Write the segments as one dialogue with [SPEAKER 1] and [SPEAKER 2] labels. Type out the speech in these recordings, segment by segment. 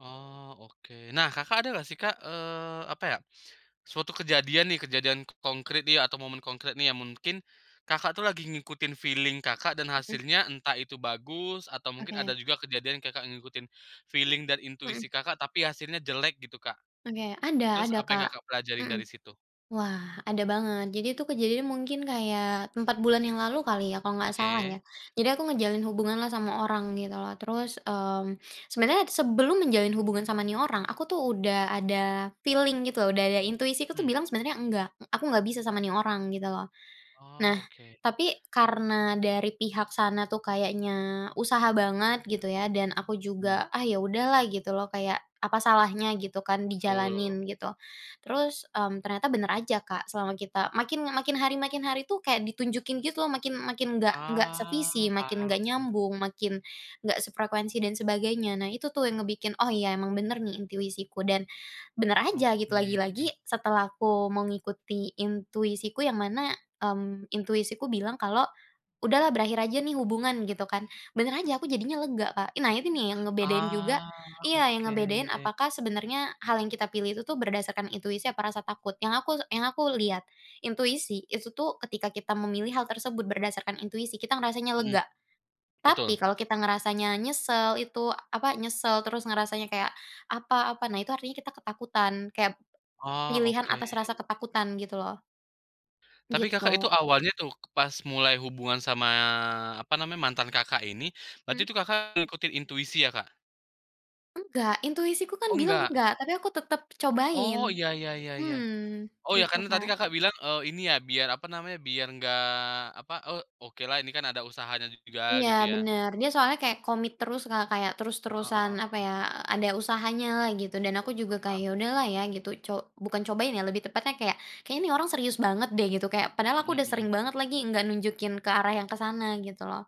[SPEAKER 1] Oh, oke. Nah Kakak ada nggak, sih, Kak, eee, apa, ya, suatu kejadian, nih, kejadian konkrit, nih, atau momen konkrit, nih, yang mungkin Kakak, tuh, lagi ngikutin feeling Kakak, dan
[SPEAKER 2] Heeh.
[SPEAKER 1] hasilnya entah itu bagus, atau mungkin
[SPEAKER 2] Oke.
[SPEAKER 1] ada juga kejadian Kakak ngikutin feeling dan
[SPEAKER 2] Hmm.
[SPEAKER 1] intuisi Kakak, tapi hasilnya jelek gitu Kak,
[SPEAKER 2] Oke ada
[SPEAKER 1] terus
[SPEAKER 2] ada
[SPEAKER 1] apa yang
[SPEAKER 2] Kak,
[SPEAKER 1] Kakak pelajarin
[SPEAKER 2] hmm.
[SPEAKER 1] dari situ?
[SPEAKER 2] Wah, ada banget jadi itu kejadian mungkin kayak 4 bulan yang lalu kali, ya, kalau nggak salah, ya.
[SPEAKER 1] Oke.
[SPEAKER 2] Jadi aku menjalin hubunganlah sama orang gitu loh, terus, mmm, sebenarnya sebelum menjalin hubungan sama, nih, orang, aku, tuh, udah ada feeling gitu udah ada intuisi aku, tuh,
[SPEAKER 1] Mmm.
[SPEAKER 2] bilang sebenarnya enggak, aku nggak bisa sama, nih, orang gitu loh. Nah,
[SPEAKER 1] Oh, oke.
[SPEAKER 2] tapi karena dari pihak sana, tuh, kayaknya usaha banget gitu, ya, dan aku
[SPEAKER 1] Hmm.
[SPEAKER 2] juga, ah, ya, udahlah gitu, loh, kayak apa salahnya gitu, kan,
[SPEAKER 1] Betul.
[SPEAKER 2] dijalanin gitu. Terus, mmm, ternyata bener aja Kak, selama kita makin makin hari makin hari, tuh, kayak ditunjukin gitu loh, makin makin nggak nggak sevisi,
[SPEAKER 1] Ah,
[SPEAKER 2] makin
[SPEAKER 1] paham.
[SPEAKER 2] nggak nyambung, makin nggak sefrekuensi dan sebagainya. Nah, itu, tuh, yang ngebikin oh iya emang bener, nih, intuisiku, dan bener aja gitu lagi-lagi,
[SPEAKER 1] Oke.
[SPEAKER 2] setelah aku mengikuti intuisiku yang mana, mmm, intuisiku bilang kalau, "Udahlah berakhir aja, nih, hubungan." Gitu, kan. Bener aja aku jadinya lega Kak. Nah, ini, nih, yang ngebedain juga
[SPEAKER 1] Ah,
[SPEAKER 2] iya, yang ngebedain
[SPEAKER 1] oke.
[SPEAKER 2] apakah sebenarnya hal yang kita pilih itu, tuh, berdasarkan intuisi apa rasa takut. Yang aku yang aku lihat, intuisi itu, tuh, ketika kita memilih hal tersebut berdasarkan intuisi kita ngerasanya
[SPEAKER 1] Hmm,
[SPEAKER 2] lega, tapi
[SPEAKER 1] betul.
[SPEAKER 2] kalau kita ngerasanya nyesel itu, apa, nyesel terus ngerasanya kayak apa apa, nah itu artinya kita ketakutan, kep
[SPEAKER 1] Oh,
[SPEAKER 2] pilihan
[SPEAKER 1] oke.
[SPEAKER 2] atas rasa ketakutan gitu loh.
[SPEAKER 1] Tapi Kakak
[SPEAKER 2] Gitu.
[SPEAKER 1] itu awalnya, tuh, pas mulai hubungan sama apa namanya, mantan Kakak ini, berarti
[SPEAKER 2] Mmm.
[SPEAKER 1] itu Kakak ngikutin intuisi, ya, Kak?
[SPEAKER 2] Enggak, intuisiku, kan,
[SPEAKER 1] Oh,
[SPEAKER 2] bilang
[SPEAKER 1] nggak.
[SPEAKER 2] nggak. Tapi aku tetep cobain,
[SPEAKER 1] Oh iya iya iya iya.
[SPEAKER 2] mhm
[SPEAKER 1] Oh, iya
[SPEAKER 2] gitu
[SPEAKER 1] karena tadi
[SPEAKER 2] Kak.
[SPEAKER 1] Kakak bilang, eee, ini, ya, biar apa namanya, biar enggak apa, oh, okelah ini, kan, ada usahanya juga
[SPEAKER 2] Iya
[SPEAKER 1] gitu, ya.
[SPEAKER 2] bener. Dia soalnya kayak komit terus Kak, kayak
[SPEAKER 1] Heeh
[SPEAKER 2] terus-terusan
[SPEAKER 1] heeh
[SPEAKER 2] apa,
[SPEAKER 1] heeh.
[SPEAKER 2] ya, ada usahanyalah gitu, dan aku
[SPEAKER 1] Betul
[SPEAKER 2] juga
[SPEAKER 1] betul, paham.
[SPEAKER 2] kayak udahlah, ya, gitu co bukan cobain, ya, lebih tepatnya kayak, kayaknya orang serius banget, deh, gitu kayak, padahal aku
[SPEAKER 1] Mhm
[SPEAKER 2] udah sering
[SPEAKER 1] mhm.
[SPEAKER 2] banget lagi nggak nunjukin ke arah yang ke sana gitu, loh.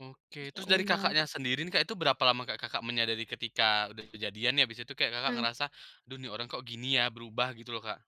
[SPEAKER 1] Oke,
[SPEAKER 2] Terus, ya,
[SPEAKER 1] terus dari
[SPEAKER 2] udah.
[SPEAKER 1] Kakaknya sendiri, nih, Kak, itu berapa lama Kakak menyadari ketika udah kejadian, ya, habis itu kayak
[SPEAKER 2] Hmm.
[SPEAKER 1] ngerasa, aduh ini orang, kok, gini, ya, berubah gitu loh Kak?